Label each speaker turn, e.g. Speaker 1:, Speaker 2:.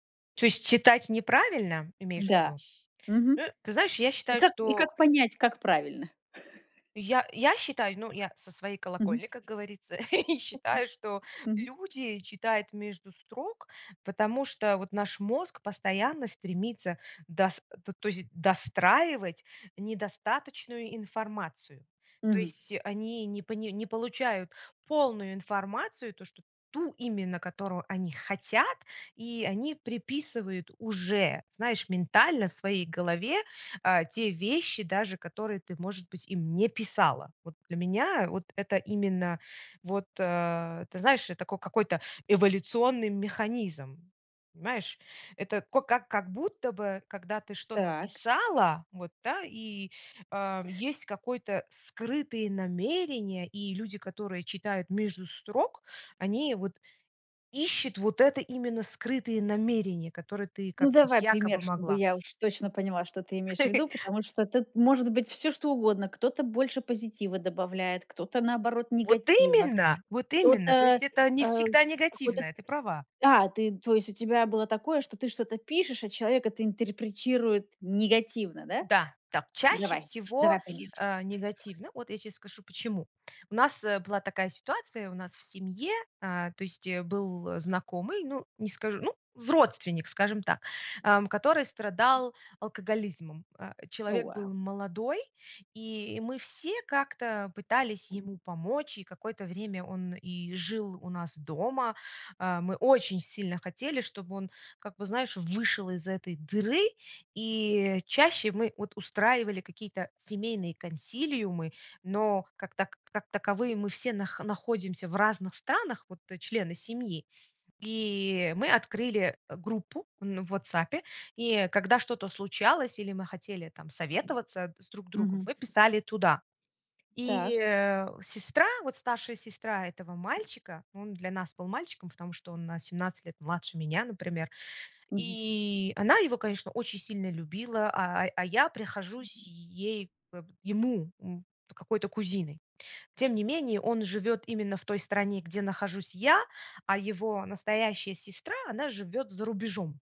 Speaker 1: То есть читать неправильно, имеешь в
Speaker 2: Да.
Speaker 1: виду?
Speaker 2: Мгм.
Speaker 1: Э, ты знаешь, я
Speaker 2: И
Speaker 1: считаю,
Speaker 2: как и
Speaker 1: что
Speaker 2: как понять, как правильно?
Speaker 1: Я я считаю, ну, я со своей
Speaker 2: Мгм.
Speaker 1: колокольни, как говорится, считаю, что
Speaker 2: Мгм.
Speaker 1: люди читают между строк, потому что вот наш мозг постоянно стремится дос то то есть достраивать недостаточную информацию. То
Speaker 2: Мгм.
Speaker 1: есть они не пони не получают полную информацию, то, что ту именно, которую они хотят, и они приписывают уже, знаешь, ментально в своей голове, а, те вещи, даже которые ты, может быть, им не писала. Вот для меня вот это именно, вот, э, ты знаешь, э, такой какой-то эволюционный механизм. Понимаешь? Это ко как как будто бы, когда ты что-то
Speaker 2: Так.
Speaker 1: писала, вот, да? И, а, есть какой-то скрытые намерения, и люди, которые читают между строк, они вот ищут вот это, именно скрытые намерения, которые ты
Speaker 2: Ну
Speaker 1: как бы
Speaker 2: давай пример,
Speaker 1: якобы
Speaker 2: чтобы
Speaker 1: могла.
Speaker 2: я уж точно поняла, что ты имеешь в виду, потому что тут может быть всё что угодно. Кто-то больше позитива добавляет, кто-то, наоборот,
Speaker 1: Вот
Speaker 2: негатива,
Speaker 1: именно, вот именно! То есть
Speaker 2: кто-то,
Speaker 1: это не
Speaker 2: а,
Speaker 1: всегда
Speaker 2: какой-то
Speaker 1: негативное, ты права.
Speaker 2: А, ты то есть у тебя было такое, что ты что-то пишешь, а человек это интерпретирует негативно, да?
Speaker 1: Да, да, чаще
Speaker 2: Давай,
Speaker 1: всего,
Speaker 2: давай пример.
Speaker 1: э, негативно. Вот я те скажу почему. У нас была такая ситуация, у нас в семье, э, то есть был знакомый, ну, не скажу, ну, родственник, скажем так, ам, который страдал алкоголизмом. А,
Speaker 2: O
Speaker 1: человек
Speaker 2: вау.
Speaker 1: был молодой, и мы все как-то пытались ему помочь. И какое-то время он и жил у нас дома. А, мы очень сильно хотели, чтобы он как бы знаешь, вышел из этой дыры. И чаще мы вот устраивали какие-то семейные консилиумы, но, как так как таковые мы все нах находимся в разных странах, вот члены семьи. И мы открыли группу, ну, в "Ватсапе". И когда что-то случалось или мы хотели там советоваться с друг другом,
Speaker 2: Мгм.
Speaker 1: мы писали туда.
Speaker 2: Так.
Speaker 1: И, э, сестра, вот старшая сестра этого мальчика- он для нас был мальчиком, потому что он на 17 лет младше меня, например.
Speaker 2: Мгм.
Speaker 1: И она его, конечно, очень сильно любила, а а я прихожусь ей бэп ему, м, какой-то кузиной. Тем не менее, он живет именно в той стране, где нахожусь я, а его настоящая сестра- она живет за рубежом.